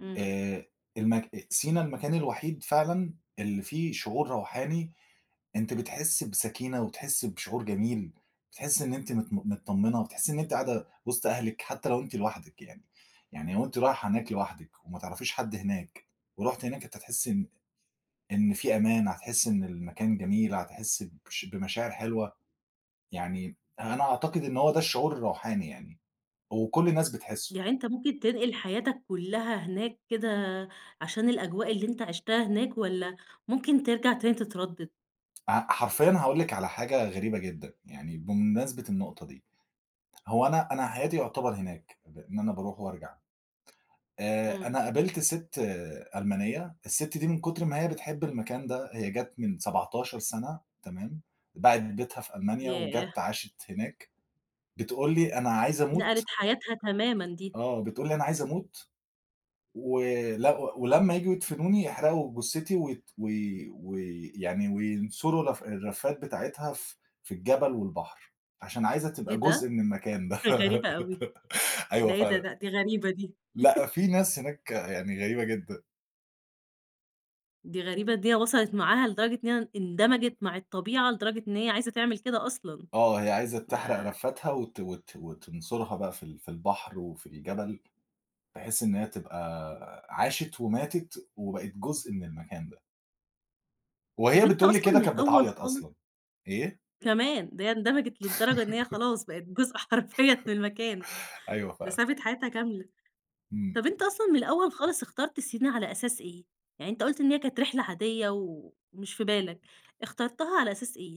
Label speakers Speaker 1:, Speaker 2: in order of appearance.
Speaker 1: امم.
Speaker 2: آآ، المك أ سينا المكان الوحيد فعلًا اللي فيه شعور روحاني، أنتِ بتحسي بسكينة وتحسي بشعور جميل، بتحسي إن أنتِ مت م متطمنة، وتحسي إن أنتِ قاعدة وسط أهلِك حتى لو أنتِ لوحدِك يعني. يعني لو أنتِ رايحة هناك لوحدِك وما تعرفيش حد هناك، ورُحتِ هناك أنتِ هتحسي إن إن في أمان، هتحسي إن المكان جميل، هتحسي بش بمشاعر حلوة. يعني يعني أنا أعتقد إن هو ده الشعور الروحاني يعني، وكل الناس بتحسه.
Speaker 1: يعني أنت ممكن تنقل حياتك كلها هناك كده عشان الأجواء اللي أنت عِشتها هناك، والَّا ممكن ترجع تاني تتردد؟
Speaker 2: أ حرفيًا هاقول لِك على حاجة غريبة جدًا يعني بمناسبة النقطة دي. هو أنا أنا حياتي يُعتبر هناك بأن أنا باروح وأرجع. آآ أنا
Speaker 1: امم.
Speaker 2: قابلت ست ألمانية، الست دي من كتر ما هي بتحب المكان ده، هي جت من 17 سنة، تمام؟ باعت بيتها في ألمانيا
Speaker 1: ياه!
Speaker 2: وجت عاشت هناك. بتقول لي: "أنا عايزة
Speaker 1: نقلِت
Speaker 2: أموت"
Speaker 1: حياتها تمامًا دي.
Speaker 2: آه، بتقول لي: "أنا عايزة أموت، و ل ولمّا ييجوا يدفنوني يحرقوا جثتي وت" وي وي ويعني وينثروا الرف الرفات بتاعتها ف في الجبل والبحر. عشان عايزة
Speaker 1: إيه
Speaker 2: تبقى جزء
Speaker 1: ده؟!
Speaker 2: من المكان ده.
Speaker 1: غريبة أوي. ده
Speaker 2: أيوه
Speaker 1: إيه دا
Speaker 2: فعلًا.
Speaker 1: ده؟ دي غريبة دي.
Speaker 2: لأ، فيه ناس هناك يعني غريبة جدًا.
Speaker 1: دي غريبة، دي وصَلِت معاها لدرجة إن هي اندمجِت مع الطبيعة لدرجة إن هي عايزة تعمل كده أصلًا.
Speaker 2: آه، هي عايزة تحرق
Speaker 1: ما
Speaker 2: رفاتها وت وت وتنثرها بقى في ال في البحر وفي الجبل، بحيث إن هي تبقى آآ عاشت وماتت وبقت جزء من المكان ده.
Speaker 1: طب
Speaker 2: وهي
Speaker 1: أنت
Speaker 2: بتقول لي
Speaker 1: أصلًا
Speaker 2: كده
Speaker 1: من
Speaker 2: كانت
Speaker 1: الأول
Speaker 2: بتعيط
Speaker 1: خالص
Speaker 2: أصلًا. إيه؟
Speaker 1: كمان! ده هي اندمجت للدرجة إن هي خلاص بقت جزء حرفيًا من المكان.
Speaker 2: أيوه
Speaker 1: ده
Speaker 2: فعلًا.
Speaker 1: سابت حياتها كاملة.
Speaker 2: امم.
Speaker 1: طب أنت أصلًا من الأول خالص اخترت سينا على أساس إيه؟ يعني أنت قُلت إن هي كانت رحلة عادية ومش في بالك، اخترتها على أساس إيه؟